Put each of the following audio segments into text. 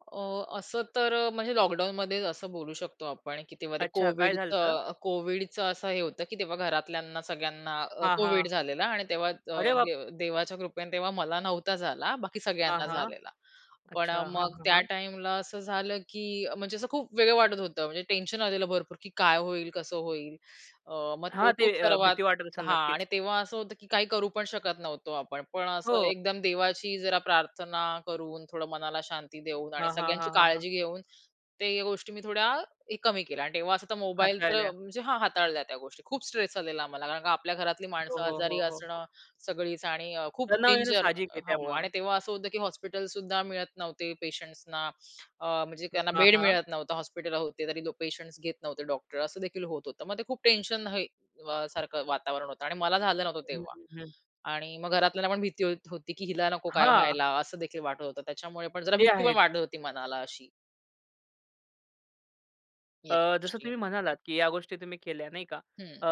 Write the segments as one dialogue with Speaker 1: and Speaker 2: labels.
Speaker 1: अ, असं तर अ, म्हणजे लॉकडाऊनमध्ये असं बोलू शकतो आपण की तेव्हा ते
Speaker 2: अच्छा, काय
Speaker 1: कोविडचं
Speaker 2: झालं होतं?
Speaker 1: अ, कोविडचं असं हे होतं, की तेव्हा घरातल्यांना सगळ्यांना अ,
Speaker 2: हां,
Speaker 1: कोविड
Speaker 2: हां.
Speaker 1: झालेला आणि तेव्हा अ,
Speaker 2: अरे बाप!
Speaker 1: दे देवाच्या कृपेने तेव्हा मला नव्हता झाला. बाकी
Speaker 2: हां,
Speaker 1: सगळ्यांना
Speaker 2: हां.
Speaker 1: झालेला. पण अ,
Speaker 2: अच्छा, हां,
Speaker 1: मग
Speaker 2: हां,
Speaker 1: त्या
Speaker 2: हां.
Speaker 1: टाईमला असं झालं, की म्हणजे असं खूप वेगळं वाटत होतं, म्हणजे टेन्शन आलेलं भरपूर, की काय होईल, कसं होईल? अ, मग तो
Speaker 2: हां, ते
Speaker 1: खूप
Speaker 2: अ,
Speaker 1: सर्वात
Speaker 2: भीती वाटत असेल,
Speaker 1: हां, आणि
Speaker 2: नक्कीच.
Speaker 1: तेव्हा असं होतं की काही करू पण शकत नव्हतो आपण. पण असं
Speaker 2: हो.
Speaker 1: एकदम देवाची जरा प्रार्थना करून, थोडं मनाला शांती देऊन आणि
Speaker 2: हां, हां,
Speaker 1: सगळ्यांची
Speaker 2: हां, हां, हां.
Speaker 1: काळजी घेऊन, ते गोष्टी मी थोड्या कमी केल्या. आणि तेव्हा असं तर मोबाईल तर
Speaker 2: हाताळल्या.
Speaker 1: म्हणजे हा हाताळल्या त्या गोष्टी खूप स्ट्रेस आलेला मला कारण का आपल्या घरातली
Speaker 2: हो,
Speaker 1: माणसं
Speaker 2: हो,
Speaker 1: आजारी
Speaker 2: हो, हो, हो.
Speaker 1: असणं सगळीच आणि अ, खूप
Speaker 2: तणाव येणं
Speaker 1: डेंजर
Speaker 2: साहजिक
Speaker 1: अ,
Speaker 2: आहे
Speaker 1: हो
Speaker 2: त्यामुळं.
Speaker 1: आणि तेव्हा असं होतं की हॉस्पिटलसुद्धा मिळत नव्हते पेशंट्सना, अ, म्हणजे त्यांना
Speaker 2: हां,
Speaker 1: बेड
Speaker 2: हां.
Speaker 1: मिळत नव्हता हॉस्पिटल होते, तरी पेशंट्स घेत नव्हते डॉक्टर असंदेखील होत होतं. मग ते खूप टेन्शन हे सारखं वातावरण होतं. आणि मला झालं नव्हतं
Speaker 2: हं,
Speaker 1: तेव्हा
Speaker 2: हं, हं.
Speaker 1: आणि मग घरातल्यांना पण भीती होत होती की हिला नको काय
Speaker 2: हां.
Speaker 1: व्हायला असंदेखील वाटत होतं. त्याच्यामुळे पण जरा
Speaker 2: ते
Speaker 1: भीती पण
Speaker 2: आहेच.
Speaker 1: वाढत होती मनाला अशी. या
Speaker 2: अ, जसं
Speaker 1: गोष्टी.
Speaker 2: तुम्ही म्हणालात की या गोष्टी तुम्ही केल्या नाही का
Speaker 1: हं.
Speaker 2: अ,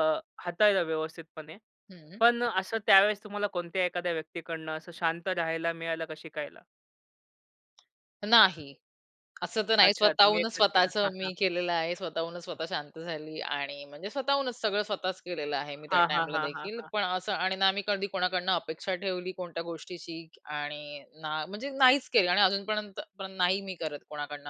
Speaker 2: हाताळलं व्यवस्थितपणे.
Speaker 1: हं.
Speaker 2: पण असं त्यावेळेस तुम्हाला कोणत्याही एखाद्या व्यक्तीकडनं असं शांत राहायला मिळालं का शिकायला?
Speaker 1: नाही. असं तर नाही,
Speaker 2: अच्छा, तुम्ही
Speaker 1: स्वतःहूनच
Speaker 2: एकतच केला.
Speaker 1: स्वतःच
Speaker 2: हां, हां, हां.
Speaker 1: मी केलेलं आहे. स्वतःहूनच स्वतः शांत झाली आणि म्हणजे स्वतःहूनच सगळं स्वतःच केलेलं आहे मी त्या
Speaker 2: हां, हां, हां, हां,
Speaker 1: टाईमलादेखील,
Speaker 2: हां.
Speaker 1: पण असं आणि ना मी कधी कोणाकडून अपेक्षा ठेवली कोणत्या गोष्टीची आणि ना म्हणजे नाहीच केली आणि अजूनपर्यंत नाही मी करत कोणाकडून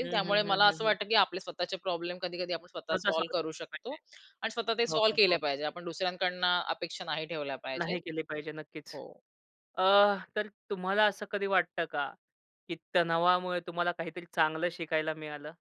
Speaker 2: हं, हं,
Speaker 1: त्यामुळे
Speaker 2: हं,
Speaker 1: मला
Speaker 2: हं,
Speaker 1: असं
Speaker 2: हं.
Speaker 1: वाटतं की आपले स्वतःचे प्रॉब्लेम कधी-कधी आपण स्वतः
Speaker 2: स्वतः सॉल्व्ह
Speaker 1: सॉल्व्ह करू शकतो
Speaker 2: पाहिजे.
Speaker 1: आणि स्वतः ते
Speaker 2: हो,
Speaker 1: सॉल्व्ह
Speaker 2: हो,
Speaker 1: केले
Speaker 2: हो.
Speaker 1: पाहिजे. आपण दुसऱ्यांकडून अपेक्षा नाही ठेवल्या पाहिजेत.
Speaker 2: नाही केले पाहिजे. नक्कीच.
Speaker 1: हो.
Speaker 2: अ, तर तुम्हाला असं कधी वाटतं का, की तणावामुळे तुम्हाला काहीतरी चांगलं शिकायला मिळालं?